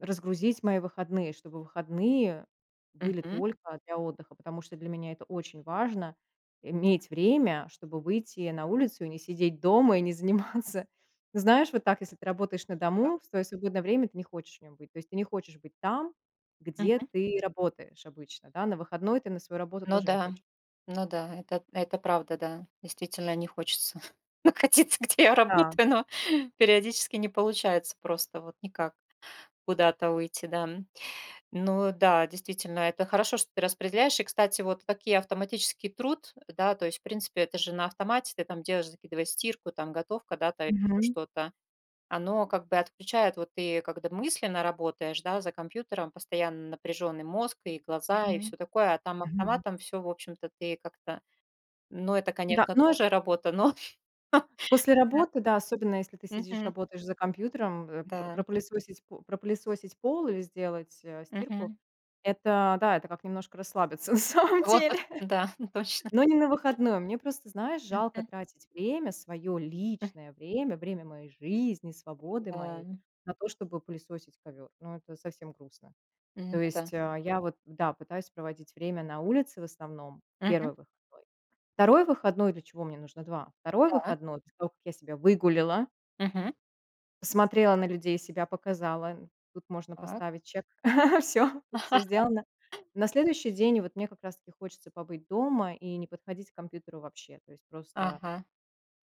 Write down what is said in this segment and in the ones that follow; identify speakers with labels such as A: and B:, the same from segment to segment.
A: Разгрузить мои выходные, чтобы выходные были
B: Мгм.
A: только для отдыха, потому что для меня это очень важно иметь время, чтобы выйти на улицу и не сидеть дома и не заниматься. Знаешь, вот так, если ты работаешь на
B: Так.
A: дому, в своё свободное время ты не хочешь в нем быть, то есть ты не хочешь быть там, где
B: Мгм.
A: ты работаешь обычно, да, на выходной ты на свою работу
B: Ну
A: тоже не
B: да,
A: хоче
B: ну да, это это правда, да, действительно не хочется находиться, где я
A: Да.
B: работаю, но периодически не получается просто вот никак куда-то уйти, да, м. Ну да, действительно, это хорошо, что ты распределяешь. И, кстати, вот такие автоматический труд, да, то есть, в принципе, это же на автомате ты там делаешь, закидываешь стирку, там готовка, да, там ещё
A: Мгм.
B: что-то. Оно как бы отключает, вот ты, когда мысленно работаешь, да, за компьютером постоянно напряжённый мозг, и глаза, и
A: Мгм.
B: всё такое, а, там автоматом всё, в общем-то, ты как-то ну, это,
A: Да.
B: конечно,
A: Ну э
B: тоже работа, но.
A: После
B: Да.
A: работы, да, особенно если ты сидишь
B: Мгм.
A: работаешь за компьютером, э, про
B: Да.
A: пропылесосить, п пропылесосить пол или сделать, э, стирку
B: Мгм.
A: это, да, это как немножко расслабиться на самом
B: В
A: деле,
B: отпуск, да. Точно.
A: но не на выходном. Мне просто, знаешь, жалко
B: Мгм.
A: тратить время, своё
B: М.
A: личное время, время моей жизни, свободы моей
B: Да.
A: на то, чтобы пылесосить ковёр. Ну это совсем грустно.
B: М,
A: То
B: н-да.
A: есть, а, я вот да, пытаюсь проводить время на улице в основном, 1
B: Мгм.
A: выходной. 2 выходной для чего мне нужно 2. 2
B: Да.
A: выходной, после того как я себя выгуляла
B: Мгм.
A: посмотрела на людей, себя показала, тут можно
B: Так.
A: поставить check, всё тут всё сделано. На следующий день вот мне как раз таки хочется побыть дома и не подходить к компьютеру вообще, то есть просто
B: Ага.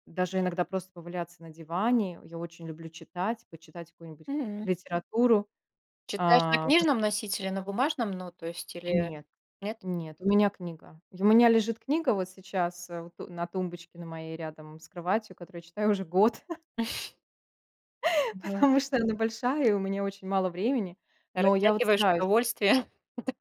A: даже иногда просто поваляться на диване, я очень люблю читать, почитать какую-нибудь
B: Мгм.
A: литературу,
B: Читаешь на
A: а, пос
B: книжном носителе, на бумажном, ну, то есть или
A: Нет,
B: нет?
A: нет, у меня книга, и у меня лежит книга вот сейчас, э, вот, э, на тумбочке на моей рядом с кроватью, которую я читаю уже год.
B: Мгм.
A: Потому что она большая, и у меня очень мало времени, но я вот
B: Растягиваешь
A: стараюсь.
B: удовольствие?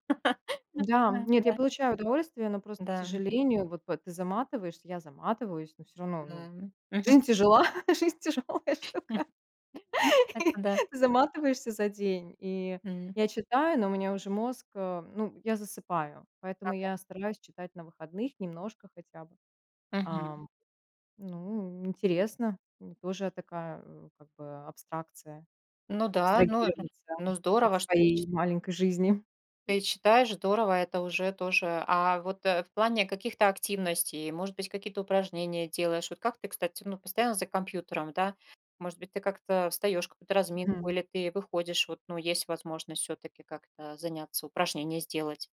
A: Да,
B: Да, да, да,
A: нет, я
B: да.
A: получаю удовольствие, но просто, к
B: Да.
A: сожалению, вот п ты заматываешься, я заматываюсь, но всё равно, ну,
B: Да, мгм.
A: жизнь тяжела, жизнь тяжелая
B: М.
A: штука,
B: М, это да.
A: и заматываешься за день, и
B: М.
A: я читаю, но у меня уже мозг, э, ну, я засыпаю, поэтому
B: Ага.
A: я стараюсь читать на выходных немножко хотя бы.
B: Мгм.
A: Ам. Ну интересно, ну тоже такая, э, как бы абстракция,
B: Ну да, ну, э,
A: абстрагироваться
B: ну
A: от
B: здорово, что ты
A: своей
B: чит
A: маленькой жизни.
B: ты читаешь, здорово. Это уже тоже. А вот, э, в плане каких-то активностей, может быть, какие-то упражнения делаешь? Вот как ты, кстати, ну, постоянно за компьютером, да? Может быть, ты как-то встаёшь какую-то разминку
A: Мгм.
B: или ты выходишь? Вот, ну, есть возможность всё-таки как-то заняться, упражнения сделать?